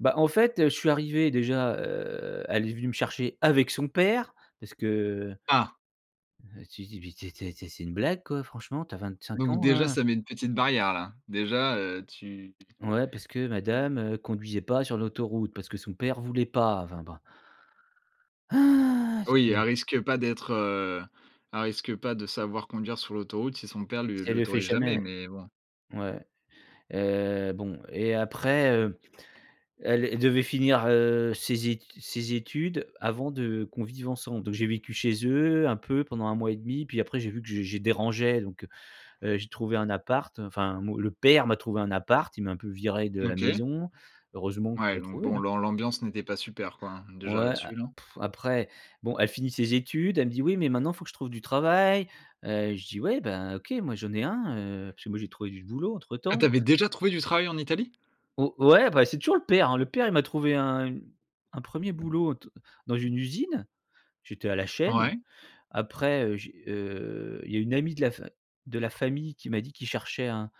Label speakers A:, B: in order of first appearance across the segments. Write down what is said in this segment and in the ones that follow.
A: Bah, en fait, heu, je suis arrivé déjà, heu elle est venue me chercher avec son père parce que,
B: Ah!
A: heu heu, tu di dis: «Mais tu es tu es tu es c'est une blague quoi? Franchement, tu as 25
B: Donc
A: ans
B: déjà
A: hein».
B: ça met une petite barrière là. Déjà, heu, tu
A: Ouais parce que madame, heu, conduisait pas sur l'autoroute parce que son père voulait pas enfin, bon.
B: Oui, elle
A: Oui.
B: risque pas d'être heu, elle risque pas de savoir conduire sur l'autoroute si son père
A: Si
B: lui
A: elle le fait
B: l'autorise jamais,
A: jamais.
B: mais bon.
A: Ouais. Heu, bon et, heu après, heu elle elle devait finir, heu, ses ét ses études avant de qu'on vive ensemble. Donc j'ai vécu chez eux un peu pendant un mois et demi, puis après j'ai vu que j'ai je dérangeais donc, heu heu, j'ai trouvé un appart. Enfin, mon le père m'a trouvé un appart. Il m'a un peu viré de la
B: OK.
A: maison. Heureusement qu'il
B: Ouais
A: a
B: donc,
A: trouvé
B: bon,
A: hein?
B: l'am l'ambiance n'était pas super quoi hein. Déjà
A: Ouais
B: là-dessus
A: a
B: non?
A: après, bon, elle finit ses études, elle me dit: «Oui, mais maintenant il faut que je trouve du travail», heu, Je dis: «Ouais, bah, OK, moi j'en ai un, heu, parce que moi j'ai trouvé du boulot entre
B: Ah, tu
A: temps».
B: avais déjà trouvé du travail en Italie?
A: Ou ouais, bah, c'est toujours le père hein? Le père, il m'a trouvé un un 1er boulot d dans une usine. J'étais à la chaîne.
B: Ouais.
A: Après, heu, j heu, il y a une amie de la fa de la famille qui m'a dit qui cherchait un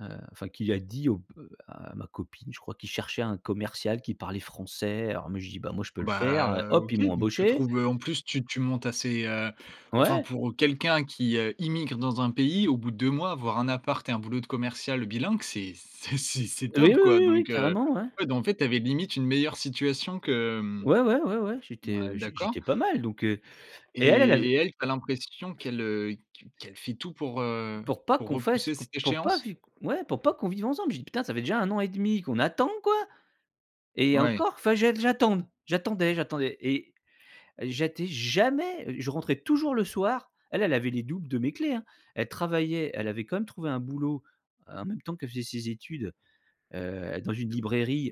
A: heu, enfin qui lui a dit au p à ma copine je crois qu'il cherchait un commercial qui parlait français alors mais j'ai dit: «Bah, moi je peux le
B: Bah,
A: faire heu».
B: heu,
A: Hop! Ils
B: OK.
A: m'ont
B: Donc tu
A: embauché.
B: trouves en plus tu tu montes assez, heu Enfin
A: Ouais!
B: pour quelqu'un qui, heu, immigre dans un pays au bout de 2 mois, avoir un appart et un boulot de commercial bilingue. C'est c'est c'est c'est
A: Oui
B: top quoi!
A: oui, oui,
B: Donc, heu,
A: carrément, ouais.
B: ouais, bah, en fait, tu avais limite une meilleure situation que hem
A: Ouais, ouais, ouais, ouais j'étais,
B: ouais
A: heu, j
B: d'accord
A: j'étais pas mal donc, heu, et elle elle avait
B: et et elle, tu as l'impression qu'elle, heu, qu qu'elle fait tout pour, heu,
A: Pour pas
B: pour
A: qu'on fasse,
B: repousser
A: q
B: cette
A: pour pas
B: échéance?
A: vi ouais pour pas qu'on vive ensemble. J'ai dit: «Putain, ça fait déjà un an et demi qu'on attend quoi!» et
B: Ouais.
A: encore fa que j'ai que j'attende. J'attendais, j'attendais et j'étais jamais je rentrais toujours le soir. Elle, elle avait les doubles de mes clés hein. Elle travaillait, elle avait quand même trouvé un boulot en même temps qu'elle faisait ses études, heu, dans une librairie